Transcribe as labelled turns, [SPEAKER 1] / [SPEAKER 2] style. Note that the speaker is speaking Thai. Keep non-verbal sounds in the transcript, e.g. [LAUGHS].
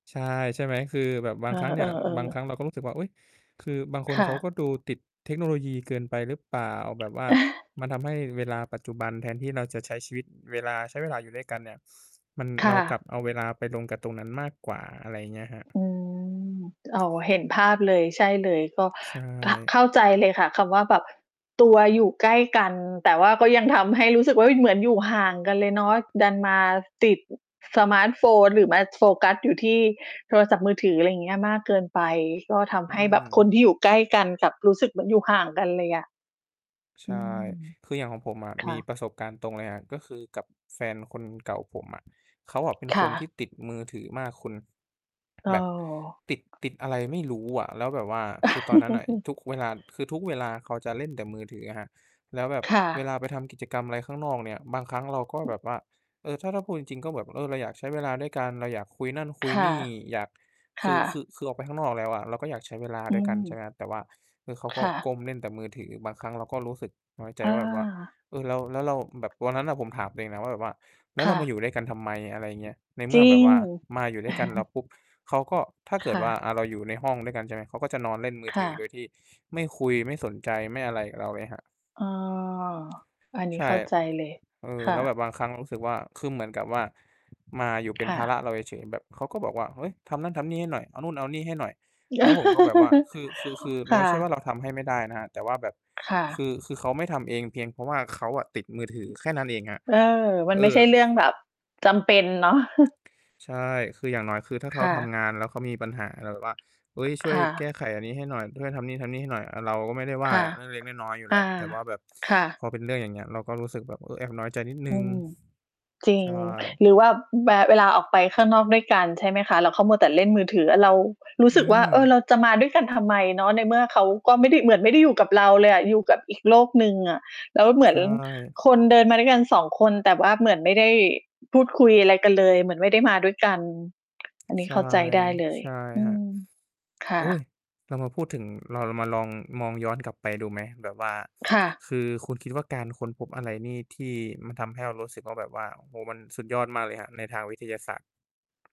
[SPEAKER 1] ใช่ ใช่ไหม คือแบบบ
[SPEAKER 2] เ
[SPEAKER 1] า
[SPEAKER 2] ออ
[SPEAKER 1] งครั้งเนี่ย บางคร
[SPEAKER 2] ๆ
[SPEAKER 1] ั้
[SPEAKER 2] ๆ
[SPEAKER 1] งเราก็รู้สึกว่า อุ๊ย คือบางค
[SPEAKER 2] ค
[SPEAKER 1] น
[SPEAKER 2] ่
[SPEAKER 1] เขา
[SPEAKER 2] ะ
[SPEAKER 1] ก็ดูติดเทคโนโลยีเกินไปหรือเปล่า แบบว่าม
[SPEAKER 2] [CHUCKLES]
[SPEAKER 1] ันทำให้เวลาปัจจุบัน แทนที่เราจะใช้ชีวิต เวลา ใช้เวลาอยู่ด้วยกันเนี่ย มัน
[SPEAKER 2] ค
[SPEAKER 1] เร
[SPEAKER 2] ่
[SPEAKER 1] ากลับ
[SPEAKER 2] ะ
[SPEAKER 1] เอาเวลาไปลงกับตรงนั้นมากกว่า อะไรอย่างเงี้ยครับ
[SPEAKER 2] อืม อ๋อ เห็นภาพเลย ใช่เลย ก็
[SPEAKER 1] ใช
[SPEAKER 2] ข
[SPEAKER 1] ่
[SPEAKER 2] เข้าใจเลยค่ะ คำว่าแบบตัวอยู่ใกล้กัน แต่ว่าก็ยังทำให้รู้สึกว่า เฮ้ย เหมือนอยู่ห่างกันเลยเนาะ ดันมาติด สมาร์ตโฟน หรือมาโฟกัสอยู่ที่โทรศัพท์มือถือ อะไรอย่างเงี้ย มากเกินไป ก็ท
[SPEAKER 1] อื
[SPEAKER 2] ำให้แบบคน
[SPEAKER 1] ม
[SPEAKER 2] ที่อยู่ใกล้กัน กลับรู้สึกเหมือนอยู่ห่างกันเลยอะ
[SPEAKER 1] ใช
[SPEAKER 2] อ
[SPEAKER 1] ่
[SPEAKER 2] ืม
[SPEAKER 1] คืออย่างของผมอะ
[SPEAKER 2] ค
[SPEAKER 1] ม
[SPEAKER 2] ่
[SPEAKER 1] ี
[SPEAKER 2] ะ
[SPEAKER 1] ประสบการณ์ตรงเลยอะ ก็คือกับแฟนคนเก่าผมอะ เขาอะเป็น
[SPEAKER 2] ค
[SPEAKER 1] ค
[SPEAKER 2] ่
[SPEAKER 1] น
[SPEAKER 2] ะ
[SPEAKER 1] ที่ติดมือถือมากคุณ
[SPEAKER 2] อ้
[SPEAKER 1] แ
[SPEAKER 2] อ
[SPEAKER 1] บบติด ติดอะไรไม่รู้อะ แล้วแบบว่าคือตอนนั้นน่ะ
[SPEAKER 2] [LAUGHS]
[SPEAKER 1] ทุกเวลา คือทุกเวลาเขาจะเล่นแต่มือถืออะครับ แล้วแบบ
[SPEAKER 2] ค่
[SPEAKER 1] เว
[SPEAKER 2] ะ
[SPEAKER 1] ลาไปทำกิจกรรมอะไรข้างนอกเนี่ย บางครั้งเราก็แบบว่า เออ ถ้า ถ้าพูดจริง ๆ ก็แบบ เออ เราอยากใช้เวลาด้วยกัน เราอยากคุยนั่นคุ
[SPEAKER 2] ค
[SPEAKER 1] ย
[SPEAKER 2] ่
[SPEAKER 1] น
[SPEAKER 2] ะ
[SPEAKER 1] ี่ อยาก
[SPEAKER 2] ค
[SPEAKER 1] คื
[SPEAKER 2] ่
[SPEAKER 1] อ คื
[SPEAKER 2] ะ
[SPEAKER 1] อ คือออกไปข้างนอกแล้วอะเราก็อยากใช้เวลา
[SPEAKER 2] อื
[SPEAKER 1] ด้วยกัน ใช
[SPEAKER 2] ม
[SPEAKER 1] ่ไหมครับ แต่ว่า คือเขาก
[SPEAKER 2] ค
[SPEAKER 1] ็
[SPEAKER 2] ่ะ
[SPEAKER 1] ก้มเล่นแต่มือถือ บางครั้งเราก็รู้สึกน้อยใจ
[SPEAKER 2] อ
[SPEAKER 1] ว่าแบบว่า
[SPEAKER 2] า
[SPEAKER 1] เออ เรา แล้วเรา แบบวันนั้นน่ะ ผมถามตัวเองนะว่าแบบว่า "แล
[SPEAKER 2] ค
[SPEAKER 1] ้วเ
[SPEAKER 2] ่
[SPEAKER 1] รา
[SPEAKER 2] ะ
[SPEAKER 1] มาอยู่ด้วยกันทำไม" อะไรอย่างเงี้ย ในเม
[SPEAKER 2] จ
[SPEAKER 1] ื่
[SPEAKER 2] ริ
[SPEAKER 1] อแบบ
[SPEAKER 2] ง
[SPEAKER 1] ว่ามาอยู่ด้วยกันแล้ว
[SPEAKER 2] [CHUCKLES]
[SPEAKER 1] ปุ๊บ เขาก็ ถ้าเก
[SPEAKER 2] ค
[SPEAKER 1] ิด
[SPEAKER 2] ่
[SPEAKER 1] ว่า
[SPEAKER 2] ะ
[SPEAKER 1] อะ เราอยู่ในห้องด้วยกัน ใช่ไหม เขาก็จะนอนเล่นมือ
[SPEAKER 2] ค
[SPEAKER 1] ถ
[SPEAKER 2] ่
[SPEAKER 1] ือ โด
[SPEAKER 2] ะ
[SPEAKER 1] ยที่ไม่คุย ไม่สนใจ ไม่อะไรกับเราเลยครับ
[SPEAKER 2] อ้อ อันนี
[SPEAKER 1] ใ
[SPEAKER 2] ้
[SPEAKER 1] ช่
[SPEAKER 2] เข้าใจเลย
[SPEAKER 1] เออ
[SPEAKER 2] ค่
[SPEAKER 1] แล้วแบ
[SPEAKER 2] ะ
[SPEAKER 1] บบางครั้งเรารู้สึกว่า คือเหมือนกับว่า มาอยู่เป
[SPEAKER 2] ค
[SPEAKER 1] ็น
[SPEAKER 2] ่
[SPEAKER 1] ภา
[SPEAKER 2] ะ
[SPEAKER 1] ระเราเฉย ๆ แบบเขาก็บอกว่า "เฮ้ย ทำนั่นทำนี่ให้หน่อย เอานู่นเอานี่ให้หน่อย" แล้วผมก็แบบว่า
[SPEAKER 2] [LAUGHS]
[SPEAKER 1] คือ คือ คือม
[SPEAKER 2] ค
[SPEAKER 1] ันไ
[SPEAKER 2] ่
[SPEAKER 1] ม่ใช่ว่
[SPEAKER 2] ะ
[SPEAKER 1] าเราทำให้ไม่ได้นะครับ แต่ว่าแบบ
[SPEAKER 2] ค่
[SPEAKER 1] คือ คือเ
[SPEAKER 2] ะ
[SPEAKER 1] ขาไม่ทำเอง เพียงเพราะว่าเขาอะติดมือถือ แค่นั้นเองครับ
[SPEAKER 2] เออ มัน
[SPEAKER 1] เอ
[SPEAKER 2] ไม่
[SPEAKER 1] อ
[SPEAKER 2] ใช่เรื่องแบบจำเป็นเนาะ [CHUCKLES]
[SPEAKER 1] ใช่ คืออย่างน้อย คือถ้าเข
[SPEAKER 2] ค
[SPEAKER 1] า
[SPEAKER 2] ่
[SPEAKER 1] ท
[SPEAKER 2] ะ
[SPEAKER 1] ำงาน แล้วเขามีปัญหาอะไรแบบว่า "เฮ้ย ช่
[SPEAKER 2] ค
[SPEAKER 1] วย
[SPEAKER 2] ่
[SPEAKER 1] แก
[SPEAKER 2] ะ
[SPEAKER 1] ้ไขอันนี้ให้หน่อย ช่วยทำนี่ ๆ ให้หน่อย" อา เราก็ไม่ได้ว่
[SPEAKER 2] ค
[SPEAKER 1] า
[SPEAKER 2] ่ะ
[SPEAKER 1] อะ เล็ก ๆ น้อย ๆ อยู่แ
[SPEAKER 2] อ
[SPEAKER 1] ล้ว
[SPEAKER 2] า
[SPEAKER 1] แต่ว่าแบบ
[SPEAKER 2] ค่ะ
[SPEAKER 1] พอเป็นเรื่องอย่างเงี้ย เราก็รู้สึกแบบ เออ แอบน้อยใจนิดหนึ
[SPEAKER 2] อ
[SPEAKER 1] ่
[SPEAKER 2] ื
[SPEAKER 1] ง
[SPEAKER 2] ม จริ
[SPEAKER 1] ใช
[SPEAKER 2] ง
[SPEAKER 1] ่
[SPEAKER 2] หรือว่า อ แบ เวลาออกไปข้างนอกด้วยกัน ใช่ไหมคะ แล้วเขามัวแต่เล่นมือถืออะเรารู้
[SPEAKER 1] อื
[SPEAKER 2] สึกว่า "เออ เ
[SPEAKER 1] ม
[SPEAKER 2] ราจะมาด้วยกันทำไมเนาะ ในเมื่อเขาก็ไม่ได้ เหมือนไม่ได้อยู่กับเราเลยอะอยู่กับอีกโลกหนึ่งอะ" แล้วเหมื
[SPEAKER 1] ใช
[SPEAKER 2] อน
[SPEAKER 1] ่
[SPEAKER 2] คนเดินมาด้วยกัน 2 คน แต่ว่าเหมือนไม่ได้ พูดคุยอะไรกันเลย เหมือนไม่ได้มาด้วยกัน อันนี
[SPEAKER 1] ใช
[SPEAKER 2] ้
[SPEAKER 1] ่
[SPEAKER 2] เข้าใจได้เลย
[SPEAKER 1] ใช่
[SPEAKER 2] อื
[SPEAKER 1] ครับ
[SPEAKER 2] ม ค่
[SPEAKER 1] โอ๊ย
[SPEAKER 2] ะ
[SPEAKER 1] เรามาพูดถึง เราลองมาลองมองย้อนกลับไปดูไหม? แบบว่า
[SPEAKER 2] ค่ะ
[SPEAKER 1] คือคุณคิดว่าการค้นพบอะไรนี่ ที่มันทำให้เรารู้สึกว่าแบบว่า โอ้โฮ มันสุดยอดมากเลยครับ? ในทางวิทยาศาสตร์